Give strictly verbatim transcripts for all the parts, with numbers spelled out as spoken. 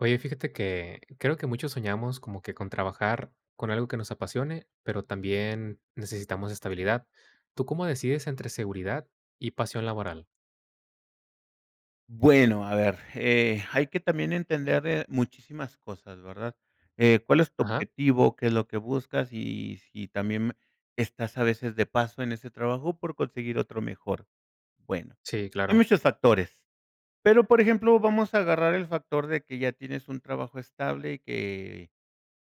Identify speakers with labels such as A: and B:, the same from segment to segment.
A: Oye, fíjate que creo que muchos soñamos como que con trabajar con algo que nos apasione, pero también necesitamos estabilidad. ¿Tú cómo decides entre seguridad y pasión laboral?
B: Bueno, a ver, eh, hay que también entender, eh, muchísimas cosas, ¿verdad?, eh, ¿cuál es tu
A: Ajá.
B: objetivo? ¿Qué es lo que buscas? Y si también estás a veces de paso en ese trabajo por conseguir otro mejor. Bueno,
A: Sí,
B: hay
A: claro.
B: muchos factores, pero, por ejemplo, vamos a agarrar el factor de que ya tienes un trabajo estable y que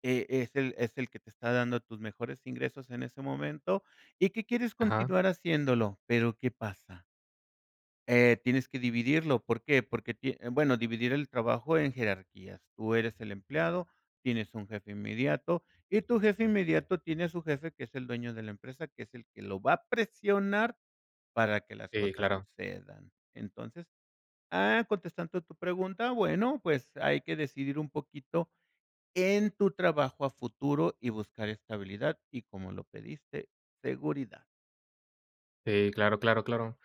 B: e es el es el que te está dando tus mejores ingresos en ese momento y que quieres
A: Ajá.
B: continuar haciéndolo, pero ¿qué pasa? Eh, tienes que dividirlo, ¿por qué? Porque, tie bueno, dividir el trabajo en jerarquías. Tú eres el empleado, tienes un jefe inmediato y tu jefe inmediato tiene a su jefe, que es el dueño de la empresa, que es el que lo va a presionar para que las
A: Sí,
B: cosas
A: claro.
B: sucedan. Entonces, ah, contestando tu pregunta, bueno, pues hay que decidir un poquito en tu trabajo a futuro y buscar estabilidad y, como lo pediste, seguridad.
A: Si, claro, claro, claro.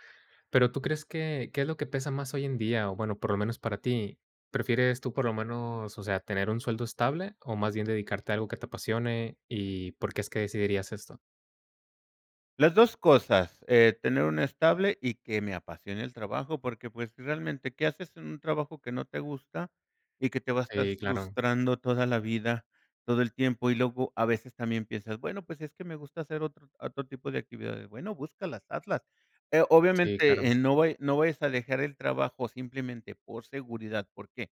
A: Pero, ¿tú
B: Uju.
A: crees que qué es lo que pesa más hoy en día? O, bueno, por lo menos para ti, ¿prefieres tú, por lo menos, o sea, tener un sueldo estable, o más bien dedicarte a algo que te apasione, y por qué es que decidirías esto?
B: Las dos cosas, eh, tener una estable y que me apasione el trabajo. Porque, pues, realmente, qué haces en un trabajo que no te gusta, y que te va a estar
A: Sí, claro.
B: frustrando toda la vida, todo el tiempo, y luego a veces también piensas, bueno, pues, es que me gusta hacer otro otro tipo de actividades. Bueno, búscalas, hazlas. Eh,
A: Sí,
B: obviamente,
A: claro.
B: eh, no vaya no vayas a dejar el trabajo simplemente por seguridad, ¿por qué?,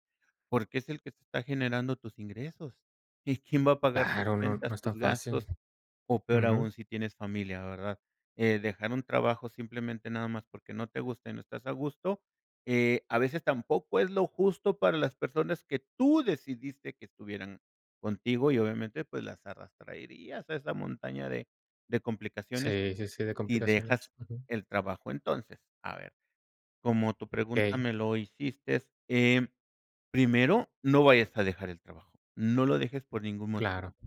B: porque es el que te está generando tus ingresos. Y, ¿quién va a pagar tus
A: Claro, no, no
B: cuentas,
A: es tan
B: tus
A: fácil.
B: gastos?, o peor
A: Ujú.
B: aún si tienes familia, ¿verdad? Eh, dejar un trabajo simplemente nada más, porque no te gusta y no estás a gusto. Eh, a veces tampoco es lo justo para las personas que tú decidiste que estuvieran contigo. Y obviamente, pues, las arrastraerias a esa montaña de de complicaciones,
A: Sí, sí, sí, de
B: si
A: complicaciones,
B: dejas
A: ujú.
B: el trabajo. Entonces, a ver, como tu pregunta
A: Okey.
B: me lo hicistes em, primero, no vayas a dejar el trabajo, no lo dejes por ningún
A: Claro.
B: motivo.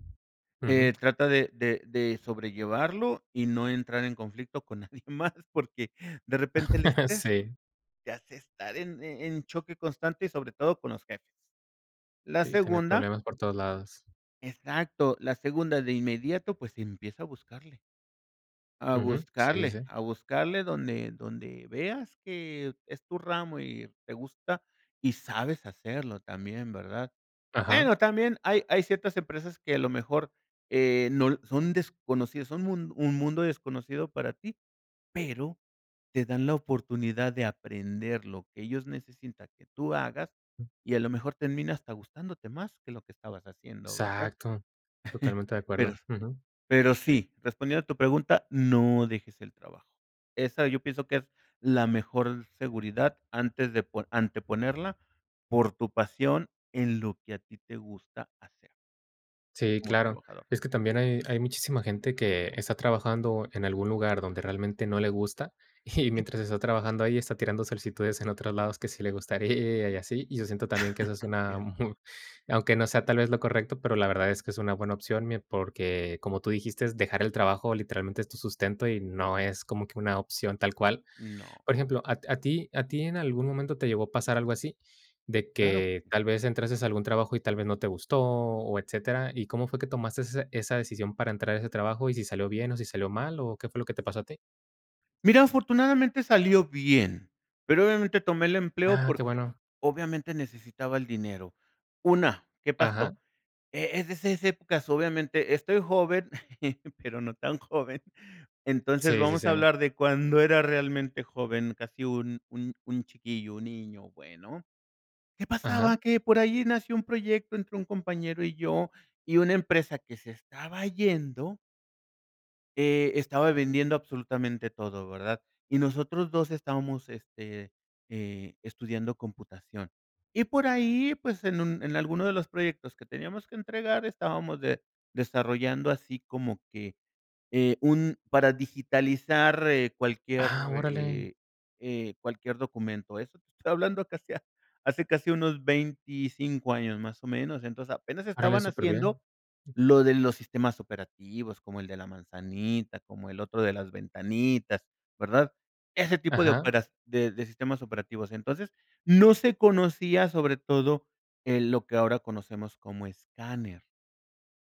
B: Eh,
A: Ujú.
B: trata de de de sobrellevarlo, y no entrar en conflicto con nadie más, porque de repente el estrés
A: Sí.
B: te hace estar en e en choque constante y sobre todo con los jefes. La
A: Y, tener
B: segunda
A: problemas por todos lados.
B: Exacto, la segunda de inmediato, pues, empieza a buscarle a
A: Ujú, sí, sí,
B: buscarle,
A: sí.
B: a buscarle donde donde veas que es tu ramo, y te gusta, y sabes hacerlo también, ¿verdad?,
A: Ajá.
B: bueno también hay hay ciertas empresas que a lo mejor eh, no l son desconocidas son mun un mundo desconocido para ti, pero te dan la oportunidad de aprender lo que ellos necesinta que tú hagas, y a lo mejor termina hasta gustándote más que lo que estabas haciendo, ¿verdad?
A: Exacto, totalmente de
B: Pero,
A: acuerdo. Ujú.
B: pero sí, respondiendo a tu pregunta, no dejes el trabajo. Esa yo pienso que es la mejor seguridad antes de po anteponerla por tu pasión en lo que a ti te gusta hacer.
A: Sí,
B: Como
A: claro.
B: trabajador.
A: Es que también hay hay muchísima gente que está trabajando en algún lugar donde realmente no le gusta, y,
B: Y
A: mientras está trabajando ahí, está tirando solicitudes en otros lados que sí le gustaría y así. Y yo siento también que esa es una
B: Cierto.
A: mu aunque no sea tal vez lo correcto, pero la verdad es que es una buena opción, mie porque, como tú dijiste, dejar el trabajo literalmente es tu sustento, y no es como que una opción tal cual. Por
B: No.
A: ejemplo, a t a ti a ti en algún momento te llegó a pasar algo así, de
B: Claro que
A: que
B: sí.
A: tal vez entraste a algún trabajo, y tal vez no te gustó, o etcétera. ¿Y cómo fue que tomaste esa esa decisión para entrar a ese trabajo y si salió bien, o si salió mal, o qué fue lo que te pasó a ti?
B: Mira, afortunadamente salió bien, pero obviamente tomé el empleo,
A: Ah, qué
B: porque
A: bueno.
B: obviamente necesitaba el dinero. Una, ¿qué pasó?,
A: Ajá.
B: e es de esas épocas obviamente estoy joven, pero no tan joven, Entonces
A: Sí, sí,
B: vamos a
A: sí.
B: hablar de cuando era realmente joven casi un un un chiquillo, un niño, bueno. ¿Qué
A: Ajá.
B: pasaba? Que por ahí nació un proyecto entre un compañero y yo, y una empresa que se estaba yendo eh, estaba vendiendo absolutamente todo, ¿verdad? Y nosotros dos estábamos, este, eh, estudiando computación. Y por ahí, pues, en un en alguno de los proyectos que teníamos que entregar estábamos de desarrollando así como que, eh, un para digitalizar, eh, cualquier,
A: Ah, órale.
B: eh, eh cualquier documento. Eso te estoy hablando casi hace casi unos veinticinco años, más o menos. Entonces, apenas estaba
A: Órale súper bien.
B: naciendo lo de los sistemas operativos, como el de la manzanita, como el otro de las ventanitas, ¿verdad?, ese tipo de
A: Ajá.
B: opera de de sistemas operativos. Entonces, no se conocía, sobre todo, eh, lo que ahora conocemos como escáner.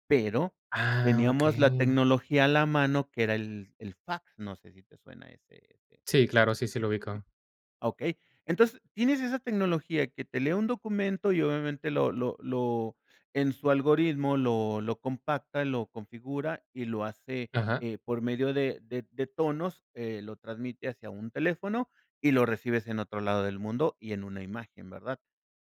B: Pero
A: Ah,
B: teníamos la
A: okey.
B: tecnología a la mano que era el el fax, no sé, si te suena ese ese.
A: Sí, claro, sí, sí lo ubico.
B: Okey. Entonces, tienes esa tecnología que te lee un documento, y obviamente lo lo lo en su algoritmo lo lo compacta, lo configura y lo hace,
A: Ajá.
B: eh, por medio de de de tonos, eh, lo transmite hacia un teléfono, y lo recibes en otro lado del mundo y en una imagen, ¿verdad?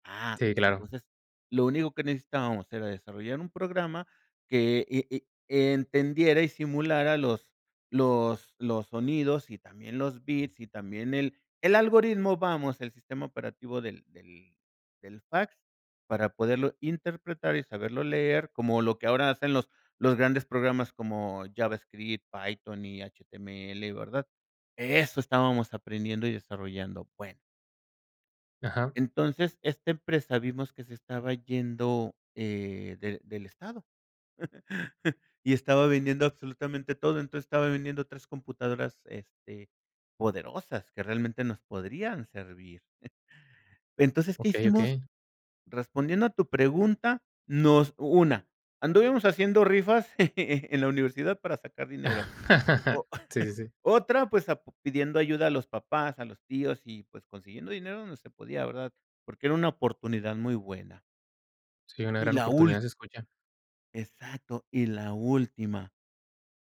B: Ah,
A: Sí, claro.
B: entonces, lo único que necesitábamos era desarrollar un programa, que e e entendiera y simulara los los los sonidos, y también los bits, y también el el algoritmo. Vamos, el sistema operativo del del del fax para poderlo interpretar y saberlo leer, como lo que ahora hacen los, los grandes programas como JavaScript, Python y HTML, ¿verdad? Eso estábamos aprendiendo y desarrollando, bueno.
A: Ajá.
B: Entonces, esta empresa vimos que se estaba yendo, eh, del del estado, y estaba vendiendo absolutamente todo, entonces estaba vendiendo tres computadoras, este, poderosas que realmente nos podrían servir, entonces, ¿qué
A: Okey,
B: hicimos?,
A: okey.
B: respondiendo a tu pregunta nos una anduvimos haciendo rifas en la universidad para sacar dinero, o
A: Sí, sí, sí.
B: otra pues, a p pidiendo ayuda a los papás, a los tíos y, pues, consiguiendo dinero donde se podía, la verdad, porque era una oportunidad muy buena
A: Sí, una
B: y
A: gran
B: la ul
A: oportunidad se escucha,
B: Exacto y la última,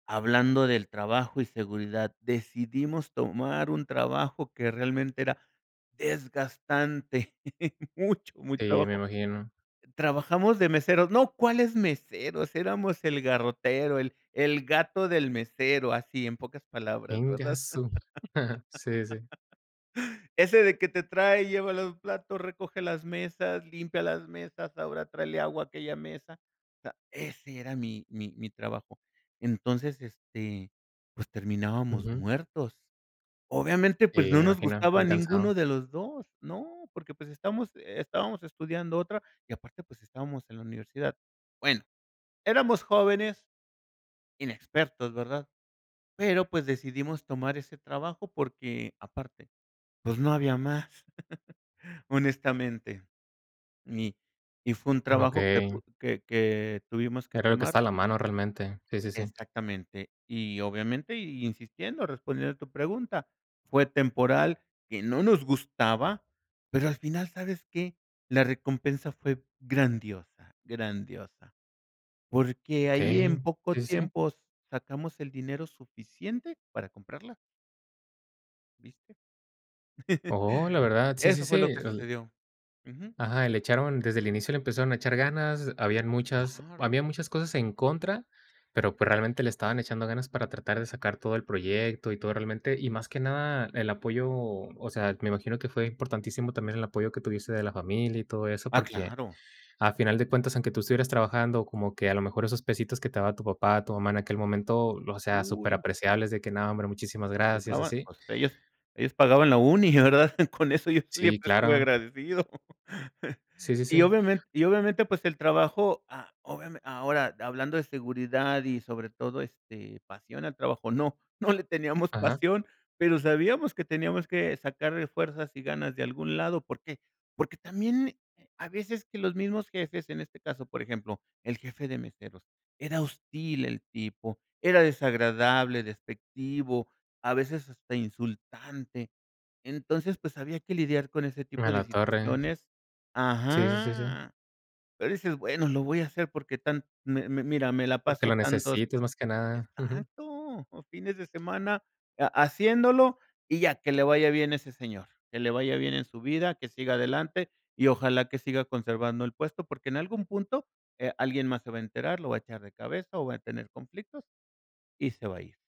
B: hablando del trabajo y seguridad, decidimos tomar un trabajo que realmente era desgastante, mucho muy
A: Sí, me
B: trabajo,
A: imagino.
B: trabajamos de meseros, ¡no!, ¿cuáles meseros?, eramos el garrotero, el el gato del mesero, así, en pocas palabras,
A: Ingue a
B: ¿verdad?
A: su, sí, sí.
B: Ese de que te trae y lleva los platos, recoge las mesas, limpia las mesas, ahora tráele agua a aquella mesa, o sea, ese era mi mi mi trabajo, entonces, este, pues terminábamos
A: Ujú.
B: muertos, obviamente,
A: Sí,
B: pues, no
A: me
B: nos
A: imagino
B: gustaba
A: bien
B: ninguno
A: cansado.
B: de los dos no, porque, pues, estamos estábamos estudiando otra y aparte, pues, estábamos en la universidad, bueno, éramos jóvenes, inexpertos, ¿verdad?, pero, pues, decidimos tomar ese trabajo porque aparte, pues, no había más, honestamente, y y fue un trabajo que
A: Okey.
B: que que tuvimos que
A: Era lo que
B: tomar
A: está a la mano realmente, sí, sí, sí.
B: Exactamente y obviamente y insistiendo, respondiendo a tu pregunta, fue temporal, que no nos gustaba, pero al final, ¿sabes qué?, la recompensa fue grandiosa, grandiosa, porque ahí
A: Okey,
B: en poco
A: sí, sí, sí.
B: tiempo sacamos el dinero suficiente para comprarla. ¿Viste?
A: Oh, la verdad, sí, sí,
B: Eso
A: sí,
B: fue lo que
A: el
B: sucedió. Ujú.
A: Ajá, y le echaron, desde el inicio le empezaron a echar ganas. Habían muchas
B: Claro.
A: habían muchas cosas en contra, pero pues realmente le estaban echando ganas para tratar de sacar todo el proyecto y todo realmente. Y más que nada el apoyo, o sea, me imagino que fue importantísimo también el apoyo que tuviese de la familia y todo eso,
B: Ah,
A: porque
B: claro.
A: a final de cuentas, aunque tú estuvieras trabajando, como que a lo mejor esos pesitos que te daba tu papá, tu mamá en aquel momento, o sea, súper
B: Uy.
A: apreciables de que no, hombre, muchísimas gracias,
B: [unintelligible]
A: así.
B: pues ellos ellos pagaban la uni, la verdad, con eso yo
A: Sí,
B: siempre estuve
A: claro.
B: agradecido.
A: Sí, sí,
B: Y
A: sí.
B: obviamente y obviamente pues el trabajo a obviame ahora hablando de seguridad y sobre todo, este, pasión al trabajo no no le teníamos
A: Ajá.
B: pasión pero sabíamos que teníamos que sacarle fuerzas y ganas de algún lado porque porque también a veces que los mismos jefes, en este caso, por ejemplo, el jefe de meseros, era hostil el tipo, era desagradable, despectivo, a veces hasta insultante. Entonces, pues, había que lidiar con ese
A: A
B: tipo de
A: la torre.
B: situaciones
A: Sí, sí, sí, sí.
B: Ajá. Pero dices: "Bueno, lo voy a hacer porque tan, mi mi mira, me la
A: Porque
B: paso
A: lo
B: tantos".
A: necesites más que nada. Ujú.
B: Exacto, los fines de semana, ha haciéndolo y ya, que le vaya bien ese señor, que le vaya bien en su vida, que siga adelante y ojalá que siga conservando el puesto porque en algún punto, eh, alguien más se va a enterar, lo va a echar de cabeza o va a tener conflictos y se va a ir.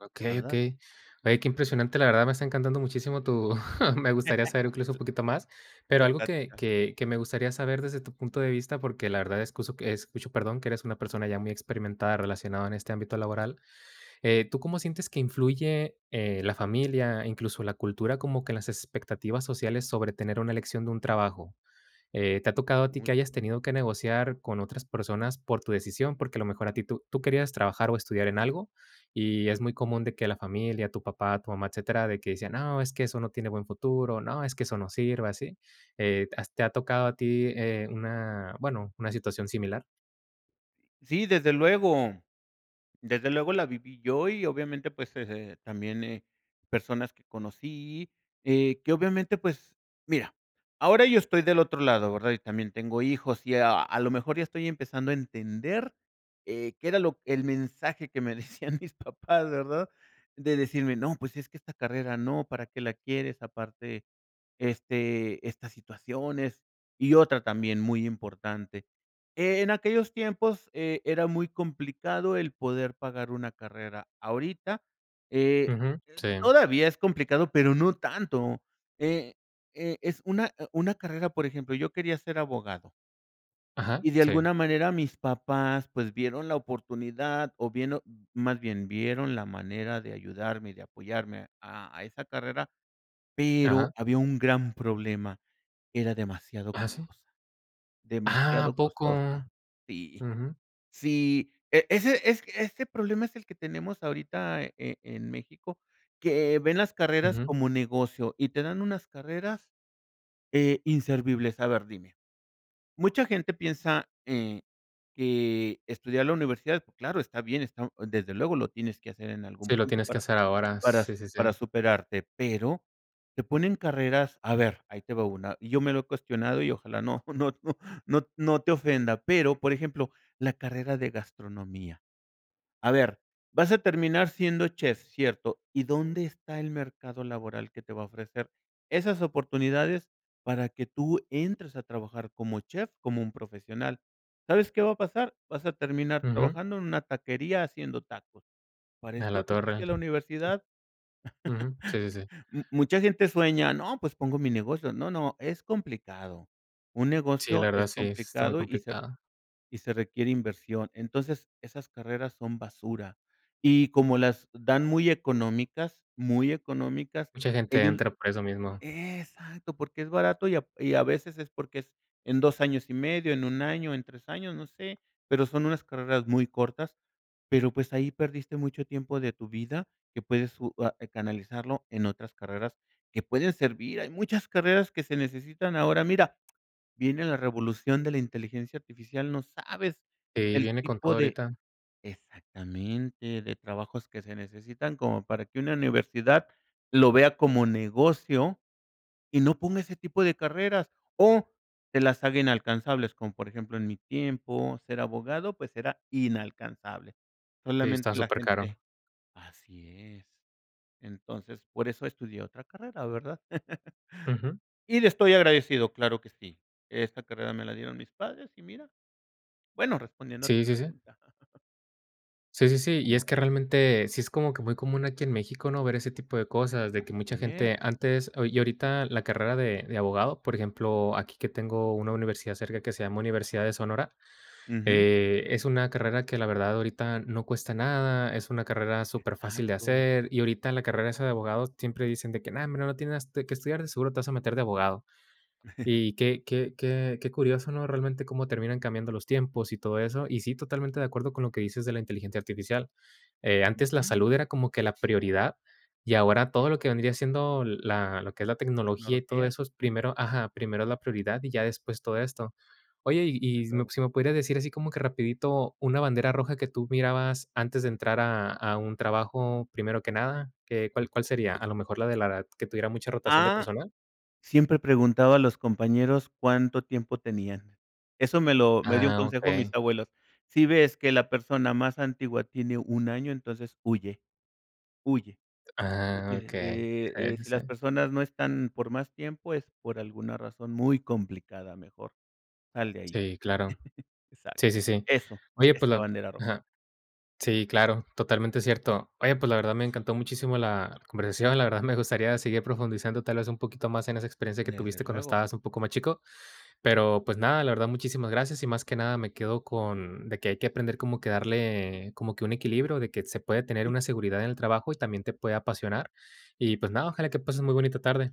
A: Okey,
B: ¿Verdad?
A: okey. Oye, qué
B: Ujú.
A: impresionante. La verdad, me está encantando muchísimo tu Me gustaría saber, incluso, un poquito más. Pero
B: La
A: algo que
B: plática.
A: que que me gustaría saber, desde tu punto de vista. Porque la verdad, escuso, escucho, perdón, que eres una persona, ya muy experimentada, relacionado en este ámbito laboral. Eh, tú, ¿cómo sientes que influye, eh, la familia, incluso la cultura, como que, en las expectativas sociales, sobre tener una elección de un trabajo? Eh, ¿te ha tocado a ti,
B: Mucho.
A: que hayas tenido que negociar con otras personas, por tu decisión? Porque a lo mejor, a ti tú tú querías trabajar o estudiar en algo, y es muy común, de que la familia tu papá, tu mamá, etcétera, de que decían: "No, es que, eso no tiene buen futuro. No, es que eso, no sirve", ¿así? Eh, ¿has te ha tocado a ti, eh, una bueno, una situación similar?
B: Sí, desde luego, desde luego, la viví yo, y obviamente, pues, eh, eh, también, eh, personas que conocí. Eh, que obviamente, pues, mira, ahora yo estoy del otro lado, ¿verdad? Y también tengo hijos. Y a a lo mejor ya estoy empezando a entender, eh, qué era lo el mensaje que me decían mis papás, ¿verdad? De decirme: "No, pues es que esta carrera, no. ¿Para qué la quieres? Aparte, este, estas situaciones". Y otra, también muy importante. En aquellos tiempos, eh, era muy complicado, el poder pagar una carrera. Ahorita eh
A: Ujú.
B: eh
A: Sí.
B: todavía es complicado, pero no tanto. Eh eh, es una e una carrera Por ejemplo, yo quería ser abogado.
A: Ajá.
B: Y, de
A: Sí.
B: alguna manera, mis papás, pues, vieron la oportunidad, o vieron Más bien, vieron la manera de ayudarme, y de apoyarme a a esa carrera, pero
A: Ajá.
B: había un gran problema, era demasiado
A: Ajá, sí.
B: costosa,
A: Ah,
B: demasiado
A: ¿a poco?
B: costosa, sí.
A: Ujú.
B: Sí, e ese es ese problema es el que tenemos ahorita, eh, en en México, que ven las carreras
A: Ujú.
B: como negocio y te dan unas carreras eh, inservibles A ver, dime. Mucha gente piensa, eh, que estudiar la universidad, claro, está bien, está desde luego lo tienes que hacer en algún
A: Sí, lo
B: punto
A: tienes que
B: para
A: hacer ahora.
B: para s
A: Sí, sí, sí.
B: para superarte, pero te ponen carreras a ver, ahí te va una, y yo me lo he cuestionado y ojalá no no no no no te ofenda, pero por ejemplo, la carrera de gastronomía. A ver, vas a terminar siendo chef, cierto, ¿y dónde está el mercado laboral que te va a ofrecer esas oportunidades para que tú entres a trabajar como chef, como un profesional? ¿Sabes qué va a pasar? Vas a terminar
A: Ujú.
B: trabajando en una taquería, haciendo tacos. ¿Para
A: A
B: esto
A: la
B: te
A: torre.
B: fuiste a la universidad?
A: Ujú. Sí, sí, sí.
B: M mucha gente sueña, no, pues, pongo mi negocio. No, no, es complicado. Un
A: Sí, la
B: negocio
A: verdad
B: es
A: sí, sí está muy
B: complicado y se r
A: complicado.
B: y se requiere inversión. Entonces, esas carreras son basura. Y como las dan muy económicas, muy económicas,
A: Mucha gente
B: ellos
A: entra por eso mismo.
B: Exacto, porque es barato y a y a veces es porque es en dos años y medio, en un año, en tres años, no sé, pero son unas carreras muy cortas, pero, pues, ahí perdiste mucho tiempo de tu vida que puedes u ah, canalizarlo en otras carreras que pueden servir. Hay muchas carreras que se necesitan Ahora, mira, viene la revolución de la inteligencia artificial, no sabes
A: Y
B: el
A: viene con
B: tipo
A: todo,
B: de
A: ahorita.
B: Exactamente, de trabajos que se necesitan, como para que una universidad lo vea como negocio y no ponga ese tipo de carreras, o te las haga inalcanzables, como por ejemplo, en mi tiempo, ser abogado, pues, era inalcanzable.
A: Sí, está
B: Solamente la gente
A: supercaro.
B: Así es. Entonces, por eso estudié otra carrera, ¿verdad?
A: Ujú.
B: Y le estoy agradecido, claro que sí. Esa carrera me la dieron mis padres y mira, bueno, respondiendo a tu
A: Sí, sí, sí.
B: pregunta.
A: Sí, sí, sí. Y es
B: Como
A: que, realmente, sí es como que muy común, aquí en México, ¿no?, ver ese tipo de cosas, de que mucha
B: Así es.
A: gente antes, ah Y ahorita la carrera de de abogado, por ejemplo, aquí que tengo una universidad cerca, que se llama Universidad de Sonora,
B: Ujú.
A: eh, es una carrera que, la verdad, ahorita no cuesta nada, es una carrera superfácil de
B: Exacto.
A: hacer. Y ahorita, la carrera, esa de abogados, siempre dicen de que, no, hombre, no tienes, este, qué estudiar, de seguro te vas a meter de abogado. Y qué qué qué qué curioso, ¿no? Realmente cómo terminan cambiando los tiempos y todo eso. Y sí, totalmente de acuerdo con lo que dices de la inteligencia artificial, eh, antes la
B: Ujú.
A: salud era como que la prioridad y ahora
B: Es
A: todo lo que vendría siendo la lo que es la tecnología y todo
B: Tecnología.
A: eso, es
B: Ujú.
A: primero Ajá, primero la prioridad y ya después todo esto. Oye, y,
B: Desde
A: si me
B: luego.
A: si me podrías decir, así como que rapidito, una bandera
B: Ujú.
A: roja, que tú mirabas, antes de entrar a a un trabajo, primero que nada, ¿qué cuál cuál sería? ¿A lo mejor, la de la edad, que tuviera mucha rotación de
B: ¡Ah!
A: personal?
B: Siempre preguntaba a los compañeros cuánto tiempo tenían. Eso me lo me dio un
A: Ah,
B: consejo mis
A: okey.
B: abuelos. Si ves que la persona más antigua tiene un año, entonces huye, huye. Porque,
A: Ah, okey. Sí,
B: eh eh,
A: sí,
B: si las
A: sí.
B: personas no están por más tiempo es por alguna razón muy complicada, mejor, sal de ahí.
A: Sí, claro.
B: Exacto,
A: Sí, sí, sí.
B: eso,
A: Oye, pues
B: esta
A: la
B: bandera roja.
A: Ajá. Sí claro, totalmente cierto. Oye, pues, la verdad, me encantó muchísimo la conversación. La verdad me gustaría seguir profundizando, tal vez, un poquito más en esa experiencia que
B: Desde
A: tuviste, cuando
B: luego.
A: estabas un poco más chico, pero pues, nada, la verdad, muchísimas gracias y más que nada me quedo con de que hay que aprender como que darle como que un equilibrio, de que se puede tener
B: Y
A: una seguridad en el trabajo y también te puede apasionar. Y, pues, nada,
B: Así es.
A: ojalá que pases muy bonita tarde.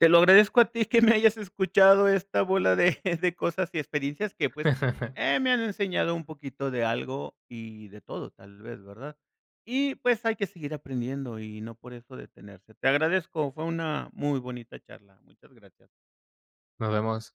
B: Te lo agradezco a ti que me hayas escuchado esta bola de de cosas y experiencias que, pues, eh, me han enseñado un poquito de algo y de todo, tal vez, ¿verdad? Y, pues, hay que seguir aprendiendo y no por eso detenerse. Te agradezco, fue una muy bonita charla. Muchas gracias.
A: Nos vemos.